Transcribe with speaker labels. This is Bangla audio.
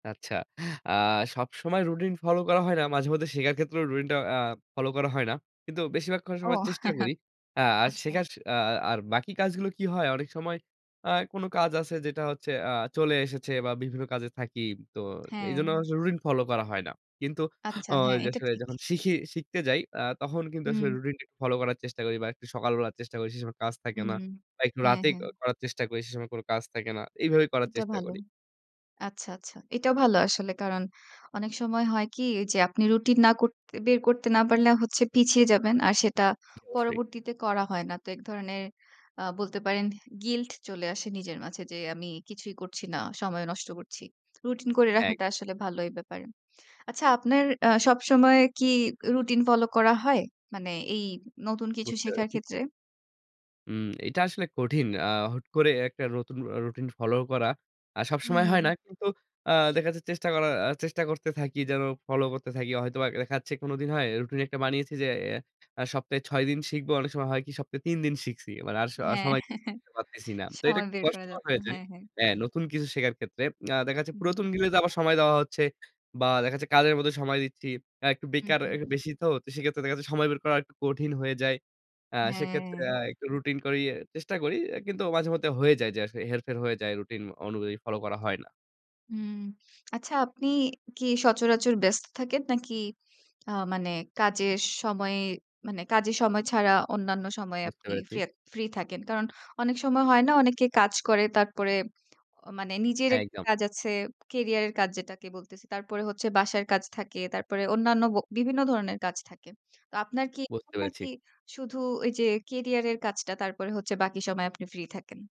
Speaker 1: আচ্ছা। আ সবসময় রুটিন ফলো করা হয় না। মাঝে মধ্যে শেখার ক্ষেত্রেও রুটিনটা আ ফলো করা হয় না। কিন্তু বেশিরভাগ [unintelligible]
Speaker 2: ও।
Speaker 1: সময় চেষ্টা করি। আ আর
Speaker 2: আচ্ছা।
Speaker 1: শেখার আ আর বাকি কাজগুলো কি হয় অনেক সময় আ কোনো কাজ আছে যেটা হচ্ছে আ চলে এসেছে বা বিভিন্ন কাজে থাকি। তো
Speaker 2: হ্যাঁ।
Speaker 1: এজন্য অনেক সময় রুটিন ফলো করা হয় না। কিন্তু
Speaker 2: আচ্ছা
Speaker 1: অ
Speaker 2: হ্যাঁ,
Speaker 1: ঐযে
Speaker 2: এটা
Speaker 1: আসলে
Speaker 2: ঠিক।
Speaker 1: যখন শিখি শিখতে যাই আ তখন কিন্তু আসলে
Speaker 2: হুম।
Speaker 1: রুটিনটা ফলো করার চেষ্টা করি বা সকালবেলার চেষ্টা করি। সে সময় কাজ থাকে
Speaker 2: হুম।
Speaker 1: না। বা একটু
Speaker 2: হ্যাঁ,
Speaker 1: রাতে এ
Speaker 2: হ্যাঁ।
Speaker 1: করার চেষ্টা করি। সে সময় কোনো কাজ থাকে না। এভাবেই করার
Speaker 2: এটা
Speaker 1: চেষ্টা
Speaker 2: ভালো।
Speaker 1: করি।
Speaker 2: আচ্ছা, আচ্ছা। এটাও ভালো আসলে কারণ অনেক সময় হয় কি? যে আপনি রুটিন না করত বের করতে না পারলে হচ্ছে পিছিয়ে যাবেন। আর সেটা
Speaker 1: অবশ্যই।
Speaker 2: পরবর্তীতে করা হয় না। তো এক ধরনের আ বলতে পারেন গিল্ট চলে আসে নিজের মাঝে যে আমি কিছুই করছি না। সময় নষ্ট করছি। রুটিন করে
Speaker 1: একদম।
Speaker 2: রাখাটা আসলে ভালোই ব্যাপারে। আচ্ছা আপনার আ সবসময় কি রুটিন ফলো করা হয়? মানে এই নতুন কিছু
Speaker 1: বুঝতে
Speaker 2: শেখার
Speaker 1: পেরেছি।
Speaker 2: ক্ষেত্রে?
Speaker 1: হুম, এটা আসলে কঠিন। আ হুট করে একটা নতুন অ রুটিন ফলো করা। আ সবসময় হয়
Speaker 2: হুম।
Speaker 1: না। কিন্তু আ দেখা যাচ্ছে চেষ্টা করার আ চেষ্টা করতে থাকি যেন ফলো করতে থাকি। হয়তোবা দেখা যাচ্ছে কোনো দিন হয়। রুটিন একটা বানিয়েছি যে আ সপ্তাহে ৬ দিন শিখবো, অনেক সময় হয় কি সপ্তাহে ৩ দিন শিখছি। মানে আর স
Speaker 2: হ্যাঁ।
Speaker 1: সময় করতে পারতেছি না। তো এটা
Speaker 2: সময়
Speaker 1: একটু
Speaker 2: বের করা
Speaker 1: কষ্টকর
Speaker 2: যাচ্ছে।
Speaker 1: হয়ে যায়।
Speaker 2: হ্যাঁ, হ্যাঁ।
Speaker 1: হ্যাঁ, নতুন কিছু শেখার ক্ষেত্রে। আ দেখা যাচ্ছে
Speaker 2: হুম।
Speaker 1: পুরাতন গুলিতে আবার সময় দেওয়া হচ্ছে। বা দেখা যাচ্ছে কাজের মধ্যে সময় দিচ্ছি। অ্যা একটু
Speaker 2: হুম,
Speaker 1: বেকার
Speaker 2: হুম।
Speaker 1: এ বেশি তো সেক্ষেত্রে দেখা যাচ্ছে সময় বের করা একটু কঠিন হয়ে যায়। আ সেক্ষেত্রে আ
Speaker 2: হ্যাঁ।
Speaker 1: একটু রুটিন করেই চেষ্টা করি। এ কিন্তু মাঝেমধ্যে হয়ে যায় যে আসলে হেরফের হয়ে যায় রুটিন অনুযায়ী ফলো করা হয় না।
Speaker 2: হুম। আচ্ছা আপনি কি সচরাচর ব্যস্ত থাকেন নাকি আ মানে কাজের সময়ে মানে কাজের সময় ছাড়া অন্যান্য সময়ে
Speaker 1: বুঝতে
Speaker 2: আপনি
Speaker 1: পেরেছি।
Speaker 2: ফ্রে ফ্রি থাকেন? কারণ অনেক সময় হয় না? অনেকে কাজ করে। তারপরে অ মানে নিজের
Speaker 1: হ্যাঁ,
Speaker 2: একটা
Speaker 1: একদম।
Speaker 2: কাজ আছে। ক্যারিয়ার এর কাজ যেটাকে বলতেছি। তারপরে হচ্ছে বাসার কাজ থাকে। তারপরে অন্যান্য ব বিভিন্ন ধরনের কাজ থাকে। তো আপনার কি
Speaker 1: বুঝতে
Speaker 2: [unintelligible]
Speaker 1: পেরেছি।
Speaker 2: নাকি শুধু ওই যে ক্যারিয়ার এর কাজটা তারপরে হচ্ছে বাকি সময় আপনি ফ্রি থাকেন?